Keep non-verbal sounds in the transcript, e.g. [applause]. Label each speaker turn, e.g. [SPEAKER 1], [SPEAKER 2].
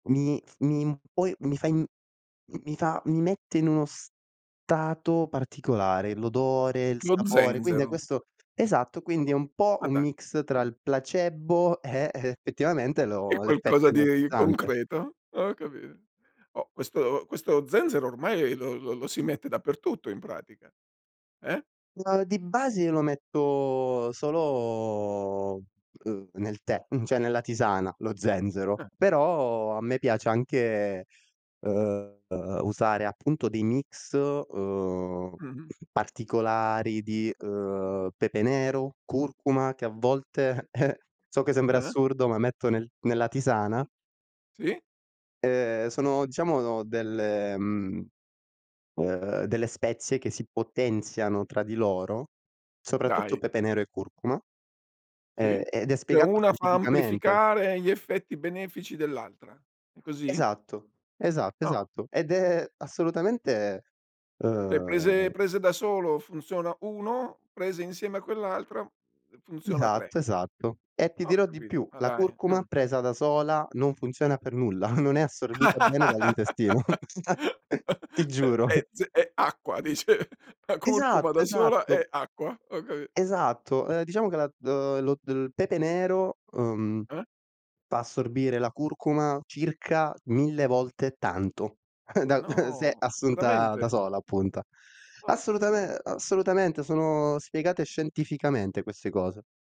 [SPEAKER 1] Mi f mi poi mi fa i mi mi fa mi mette in uno stato particolare, l'odore, il
[SPEAKER 2] Lo
[SPEAKER 1] sapore, quindi a
[SPEAKER 2] zenzero.
[SPEAKER 1] questo esatto, quindi è un po'
[SPEAKER 2] Ma
[SPEAKER 1] un
[SPEAKER 2] da
[SPEAKER 1] mix tra
[SPEAKER 2] mh.
[SPEAKER 1] il placebo e effettivamente
[SPEAKER 2] È
[SPEAKER 1] lo l'effetto
[SPEAKER 2] qualcosa di
[SPEAKER 1] energizzante.
[SPEAKER 2] concreto. Ho capito. Oh, questo questo zenzero ormai lo lo lo si mette dappertutto in pratica. Eh?
[SPEAKER 1] Ma di base io lo metto solo, uhm, nel tè, mhmm, cioè nella tisana, lo zenzero,
[SPEAKER 2] Ah.
[SPEAKER 1] però a me piace anche, uhm, usare appunto dei mix, uhm,
[SPEAKER 2] Mh-mh.
[SPEAKER 1] particolari di, uhm, pepe nero, curcuma, che a volte [chuckles] so che sembra
[SPEAKER 2] Ah-ah.
[SPEAKER 1] assurdo, ma metto nel nella tisana
[SPEAKER 2] Sì.
[SPEAKER 1] ehm, sono diciamo delle mhmm, uhm, delle spezie che si potenziano tra di loro, soprattutto
[SPEAKER 2] Dai.
[SPEAKER 1] pepe nero e curcuma, ehm,
[SPEAKER 2] Sì.
[SPEAKER 1] ed è
[SPEAKER 2] Cioè
[SPEAKER 1] spiegato
[SPEAKER 2] una fa
[SPEAKER 1] scientificamente.
[SPEAKER 2] amplificare gli effetti benefici dell'altra. È così?
[SPEAKER 1] Esatto, esatto,
[SPEAKER 2] Ah.
[SPEAKER 1] esatto. Ed è assolutamente,
[SPEAKER 2] Cioè
[SPEAKER 1] uhm
[SPEAKER 2] prese prese da solo funziona 1, prese insieme a quell'altra, uhm, funziona 3.
[SPEAKER 1] Esatto, esatto. E ti
[SPEAKER 2] Ho
[SPEAKER 1] dirò di
[SPEAKER 2] capi
[SPEAKER 1] più,
[SPEAKER 2] ma
[SPEAKER 1] la
[SPEAKER 2] dai.
[SPEAKER 1] curcuma
[SPEAKER 2] Ah.
[SPEAKER 1] presa da sola non funziona per nulla, [chuckles] non è assorbita bene
[SPEAKER 2] [laughs]
[SPEAKER 1] dall'intestino. [chuckles] Ti giuro. [chuckles]
[SPEAKER 2] È ze è acqua dice la curcuma
[SPEAKER 1] Esatto,
[SPEAKER 2] da sola
[SPEAKER 1] esatto.
[SPEAKER 2] è acqua. Ho capi
[SPEAKER 1] Esatto.
[SPEAKER 2] [chuckles]
[SPEAKER 1] Ehm, diciamo che la d lo d il pepe nero, uhm,
[SPEAKER 2] Ah.
[SPEAKER 1] fa assorbire la curcuma circa 1000 volte tanto, [chuckles] da [chuckles] se
[SPEAKER 2] No
[SPEAKER 1] assunta da
[SPEAKER 2] veramente?
[SPEAKER 1] sola appunta.
[SPEAKER 2] Porca m
[SPEAKER 1] Assolutame assolutamente sono spiegate scientificamente queste cose.